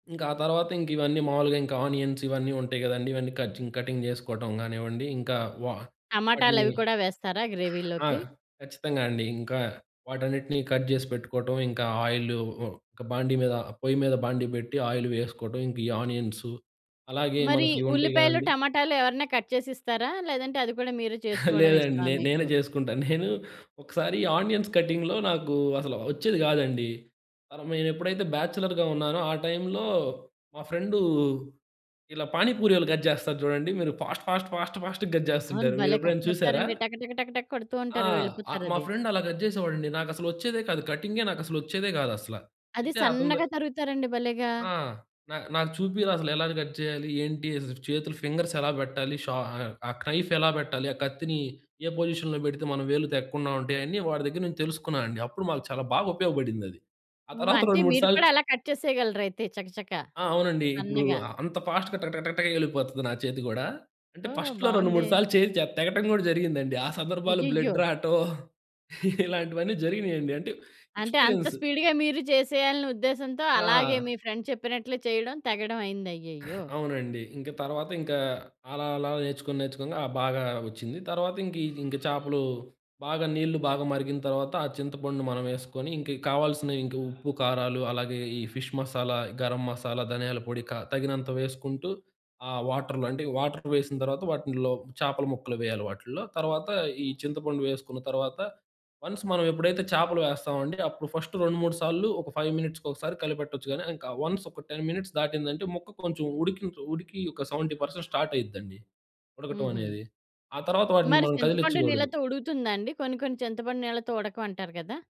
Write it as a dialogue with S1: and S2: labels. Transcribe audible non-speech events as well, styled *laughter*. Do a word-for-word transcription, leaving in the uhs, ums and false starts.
S1: ఇంకా ఆ తర్వాత ఇంకివన్నీ మావులుగా ఇంకా ఆనియన్స్ ఇవన్నీ ఉంటాయి కదండీ. ఇవన్నీ కజింగ్ కటింగ్ చేసుకోవటం కానివ్వండి, ఇంకా వా వాటిని
S2: టమాటాలవి కూడా వేస్తారా
S1: ఆ!
S2: గ్రేవీలోకి?
S1: ఖచ్చితంగా అండి. ఇంకా వాటన్నిటిని కట్ చేసి పెట్టుకోవటం ఇంకా ఆయిలు ఉ బాండీ మీద పొయ్యి మీద బాండీ పెట్టి ఆయిల్ వేసుకోటం ఇంకా ఈ ఆనియన్సు, అలాగే
S2: మరి
S1: మనకి ఇవుంటాయి
S2: ఉల్లిపాయలు,
S1: కదండీ!
S2: టమాటాలు ఎవరన్నా కట్ చేసిస్తారా? లేదంటే అది కూడా మీరే
S1: *chuckles*
S2: చేసుకోవడం
S1: లేదండి.
S2: ఇష్టమా
S1: నే నేనే
S2: మీకు?
S1: చేసుకుంటా. నేను ఒకసారి ఆనియన్స్ కటింగ్‌‌లో నాకు అసల ఒచ్చేది కాదండి. పరమేనేనెప్పుడైతే బ్యాచలర్‌గా ఉన్నానో ఆ టైంలో మా ఫ్రెండు ఇలా పానీపూరీయోళ్ళు కట్ చేస్తారు చూడండి మీరు. ఫాస్ట్, ఫాస్ట్, ఫాస్ట్, ఫాస్ట్‌గా కట్
S2: అవును.
S1: చేస్తుంటారు
S2: భలే కట్
S1: మీరెప్పుడైనా చూసారా?
S2: చేస్తారండి. టక టక టక టక కొడుతూ
S1: ఆ!
S2: ఉంటారు.
S1: ఆ మా
S2: వెళ్ళిపోతారది.
S1: ఫ్రెండ్ అలా కట్ చేసేవాడండి. నాకసలొచ్చేదే కాదు కటింగే నాకసలొచ్చేదే కాదసల.
S2: అది
S1: అయితే అతని ద
S2: సన్నగా తరుగుతారండి భలేగా!
S1: ఆ! నా నాకు చూపిరా అసలు ఎలా కట్ చేయాలి ఏంటి, అజ్ చేతులు, ఫింగర్స్ ఎలా పెట్టాలి. షా ఆహ్, ఆ క్రెఫ్ ఎలా పెట్టాలి. ఆ కత్తిని ఏ పొజిషన్‌లో పెడితే మనం వేలు తెగ్గకుండా ఉంటాయి అయన్ని వాడి దగ్గర నుంచి తెలుసుకున్నానండి. అప్పుడు మాకు చాలా బాగా ఉపయోగపడిందది. ఆ
S2: ఓహో!
S1: తర్వాత
S2: అంటే
S1: రెండు, మూడు
S2: మీరు
S1: సార్లు
S2: కూడా అలా కట్ చేసేయగలరైతే చక చక.
S1: ఆ! అవునండి. ఇప్పుడు
S2: సన్నగా.
S1: అ అంత ఫాస్ట్‌గా టక టక టక టక ఎళ్ళిపోతది నా చేతి కూడా. అంటే
S2: ఓహ్!
S1: ఫస్ట్‌లో రెండు
S2: బావుందే!
S1: మూడు సార్లు చేయి చే తెగటం కూడా జరిగిందండి. ఆ సందర్భాలు
S2: అయ్యయ్యో!
S1: బ్లడ్ రాటం. *chuckles* ఇలాంటివన్నీ జరిగినాయండి. అంటే
S2: అంటే అంత
S1: ఎక్స్పీరియన్సు.
S2: స్పీడ్‌గా మీరు చేసేయాలినే ఉద్దేశంతో అలాగే
S1: ఆ!
S2: మీ ఫ్రెండ్ చెప్పినట్లు చేయడం తెగడం అయింది. అయ్యయ్యో!
S1: అవునండి. ఇంక తర్వాత ఇంకా అలా, అలా నేర్చుకొని నేర్చుకొంగ ఆ బాగా ఒచ్చింది తర్వాత. ఇంకీ ఇంక చేపలు బాగా నీళ్ళు బాగా మరిగిన తర్వాత ఆ చింతపండు మనం ఏసుకొని ఇంకా కావాల్సిన ఇంకా ఉప్పు కారాలు అలాగే ఈ ఫిష్ మసాలా, గరం మసాలా, ధనియాల పొడి క తగినంత వేసుకుంటూ ఆ వాటర్‌లో. అంటే వాటర్ వేసిన తర్వాత వాటిన్‌లో చేపల ముక్కలు వేయాలి వాటిల్లో. తర్వాత, ఈ చింతపండు వేసుకున్న తర్వాత, వన్స్ మనం ఎప్పుడైతే చేపలు వేస్తామండి అప్పుడు ఫస్ట్ రెండు మూడు సార్లు ఒక ఫైవ్ మినిట్స్‌కొసారి కలిపెట్టొచ్చు గానీ ఇంకా వన్స్ ఒక టెన్ మినిట్స్ దాటిందంటే ముక్క కొంచెం ఉడికి, ఉడికి ఒక సెవెంటీ పర్సెంట్ స్టార్ట్ అయిద్దండి. ఉడకటం
S2: హుహు.
S1: అనేది. ఆ తర్వాత వాటిని
S2: మరి
S1: మనం
S2: చింతపండు
S1: కదిలిచ్చకూడదు.
S2: నీళ్ళతో ఉడుకుతుందా అండి? కొన్ని కొన్ని చింతపండు నీళ్ళతో ఉడకవంటారు కదా?